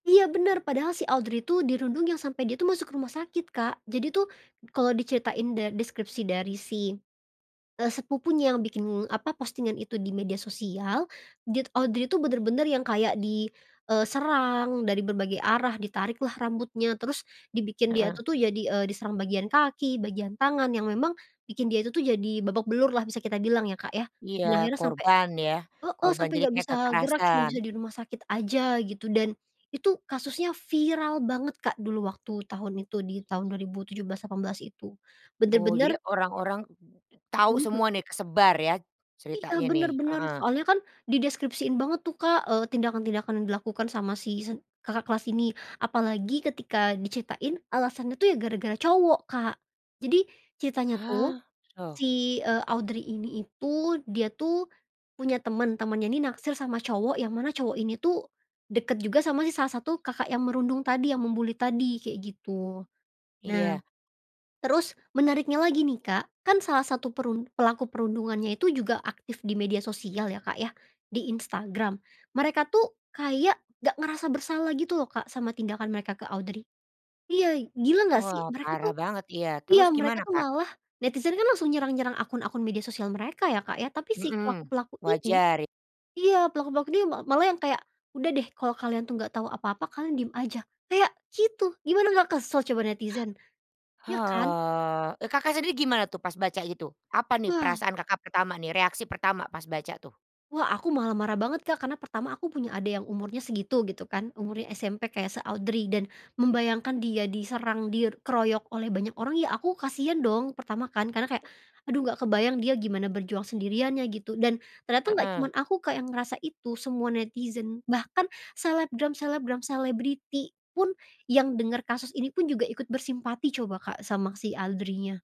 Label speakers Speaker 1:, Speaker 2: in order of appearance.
Speaker 1: Iya benar, padahal si Audrey itu dirundung yang sampai dia tuh masuk rumah sakit, Kak. Jadi tuhM kalau diceritain deskripsi dari si, e sepupunya yang bikin apa, Postingan itu di media sosial, dia t Audrey itu, benar-benar yang kayak di, eee, serang dari berbagai arah, ditarik lah rambutnya, terus dibikin dia
Speaker 2: Heeh.
Speaker 1: tuh jadi, eee, diserang bagian kaki, bagian tangan, yang memang bikin dia itu tuh jadi babak belur lah bisa kita bilang ya Kak ya.
Speaker 2: Iya,
Speaker 1: Dan akhirnya sampai
Speaker 2: korban ya,
Speaker 1: heeh,
Speaker 2: korban
Speaker 1: sampai
Speaker 2: jadi
Speaker 1: enggak
Speaker 2: kayak
Speaker 1: bisa gerak, cuma
Speaker 2: kekerasan.
Speaker 1: bisa di rumah sakit aja gitu, dan itu kasusnya viral banget Kak dulu, waktu tahun itu di tahun 2017, 18 itu.
Speaker 2: Oh,
Speaker 1: Benar-benar
Speaker 2: jadi orang-orang tahu
Speaker 1: Mhm.
Speaker 2: semua nih, kesebar ya,
Speaker 1: Iya,
Speaker 2: ceritanya nih,
Speaker 1: benar-benar.
Speaker 2: heeh.
Speaker 1: Soalnya ka,n dideskripsiin banget tuh Kak, eee, tindakan-tindakan yang dilakukan sama si se kakak kelas ini. Apalagi ketika diceritain, alasannya tuh ya gara-gara cowok, Kak. Jadi ceritanya tuh
Speaker 2: Hah, loh?
Speaker 1: si, e Audrey ini itu dia tuh punya teman temannya ini naksir sama cowok yang mana cowok ini tuh, deket juga sama si salah satu Kakak yang merundung tadi yang mem-bully tadi, kayak gitu. Nah,
Speaker 2: Iya.
Speaker 1: terus menariknya lagi nih Kak, kan salah satu perun pelaku perundungannya itu juga aktif di media sosial ya Kak ya, di Instagram, mereka tuh kayak nggak ngerasa bersalah gitu loh Kak sama tindakan mereka ke Audrey. Iya, gila enggak sih,
Speaker 2: Wah
Speaker 1: mereka
Speaker 2: parah
Speaker 1: tuh
Speaker 2: banget iya, terus
Speaker 1: iya mereka
Speaker 2: gimana
Speaker 1: tuh
Speaker 2: Kak?
Speaker 1: malah netizen kan langsung nyerang nyerang akun akun media sosial mereka ya Kak ya, tapi si
Speaker 2: Mhm,
Speaker 1: pelaku-pelaku ini
Speaker 2: wajar e
Speaker 1: iya pelaku-pelaku ini ma malah yang kayak, "Udah deh, kalau kalian tuh nggak tau apa-apa, kalian diem aja" kayak gitu, gimana malah kesel coba netizen, iya kan?
Speaker 2: Oh, e Kakak sendiri gimana tuh pas baca gitu, apa nih
Speaker 1: Wah.
Speaker 2: perasaan Kakak pertama nih, reaksi pertama pas baca tuh?
Speaker 1: Wah aku malah marah banget Kak, karena pertama aku punya adik yang umurnya segitu gitu kan, umurnya SMP kayak se-Audrey dan membayangkan dia diserang, dir keroyok oleh banyak orang ya aku kasihan dong, pertama kan, karena kayak aduh enggak kebayang dia gimana berjuang sendirian ya gitu. Dan, ternyata nggak cuman
Speaker 2: Heeh.
Speaker 1: aku Kak yang ngerasa itu, semua netizen bahkan selebgram selebgram, selebriti pun yang denger kasus ini pun, juga ikut bersimpati coba Kak sama si Audrey-nya.